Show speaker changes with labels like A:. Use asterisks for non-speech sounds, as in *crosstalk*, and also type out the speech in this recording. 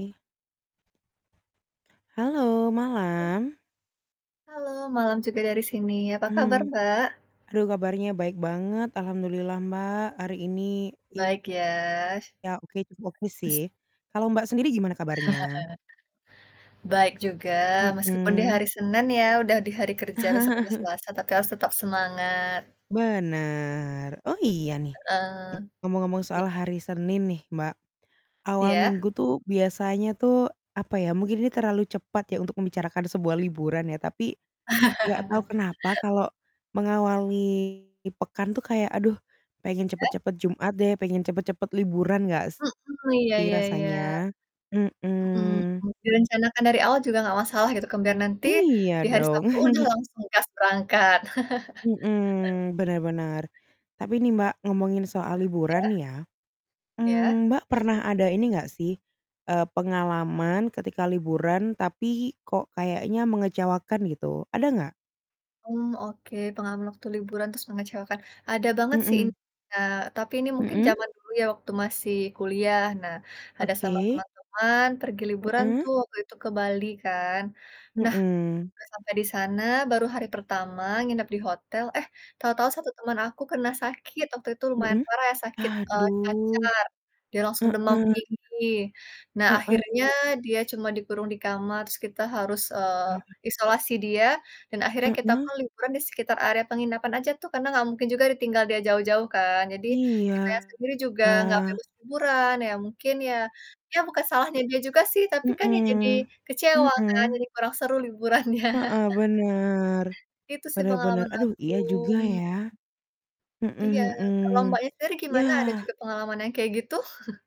A: Halo, malam.
B: Halo, malam juga dari sini. Apa kabar,
A: Hmm.
B: Mbak?
A: Aduh kabarnya baik banget, Alhamdulillah Mbak, hari ini
B: Baik,
A: iya,
B: ya.
A: oke cukup oke sih.
B: Sz
A: Kalau Mbak, sendiri gimana kabarnya?
B: *chuckles* Baik juga, meskipun di
A: Mhm.
B: hari Senin ya, udah di hari kerja besok udah
A: *chuckles*
B: Selasa tapi harus tetap semangat.
A: Bener. Oh, iya nih,
B: Heeh.
A: ngomong-ngomong
B: Iy
A: soal hari Senin nih, Mbak. Awal
B: Iya?
A: minggu tuh biasanya tuh, apa ya, mungkin ini terlalu cepat ya untuk membicarakan sebuah liburan ya, tapi nggak tahu
B: *chuckles*
A: kenapa kalau mengawali pekan tuh kayak, "Aduh pengen
B: Ya?
A: cepat-cepat Jumat deh." Pengen cepat-cepat liburan nggak
B: Mhm, iya
A: sih
B: iya iya.
A: rasanya? Mhm.
B: Mhm, direncanakan dari awal juga nggak masalah gitu kan, biar nanti di
A: Iya,
B: hari
A: dong.
B: Sabtu udah
A: *chuckles*
B: langsung gas berangkat. *chuckles*
A: Mhm, bener bener. Tapi ini Mbak, ngomongin soal liburan
B: Iya.
A: nih ya.
B: Iya.
A: Mmm, Mbak, pernah ada ini enggak sih, eee, pengalaman ketika liburan tapi kok kayaknya mengecewakan gitu, ada nggak?
B: Mmm, oke, pengalaman waktu liburan terus mengecewakan, ada banget sih ini,
A: Mhm.
B: Kak, tapi ini mungkin
A: Mhm?
B: zaman dulu ya waktu masih kuliah. Nah, ada sama
A: Oke.
B: teman-teman pergi liburan
A: Mhm.
B: tuh waktu itu ke Bali kan. Nah,
A: Mhm.
B: pas sampai di sana, baru hari pertama nginep di hotel, eh tahu-tahu 1 teman aku kena sakit. Waktu itu lumayan
A: Mhm?
B: parah ya sakit, eee,
A: Aduh.
B: cacar, dia langsung demam
A: Heeh.
B: tinggi. Nah, akhirnya
A: Heeh.
B: dia cuma dikurung di kamar, terus kita harus, eee,
A: Ah.
B: isolasi dia, dan akhirnya kita pun
A: Heeh.
B: liburan di sekitar area penginapan aja tuh karena nggak mungkin juga ditinggal dia jauh-jauh kan? Jadi,
A: Iya.
B: kitanya sendiri juga nggak bebas liburan, ya mungkin ya ya, bukan salahnya dia juga sih, tapi kan ya jadi
A: Mhm,
B: kecewa kan?
A: mhm.
B: Jadi kurang seru liburannya.
A: Heeh,
B: *chuckles*
A: bener.
B: Itu sih
A: Bener bener.
B: pengalaman
A: Aduh,
B: aku,
A: iya juga,
B: mmm.
A: ya? Mhm
B: Iya, kalau
A: mhm.
B: Mbaknya sendiri gimana, ada juga
A: Yah.
B: pengalaman yang kayak gitu? *chuckles*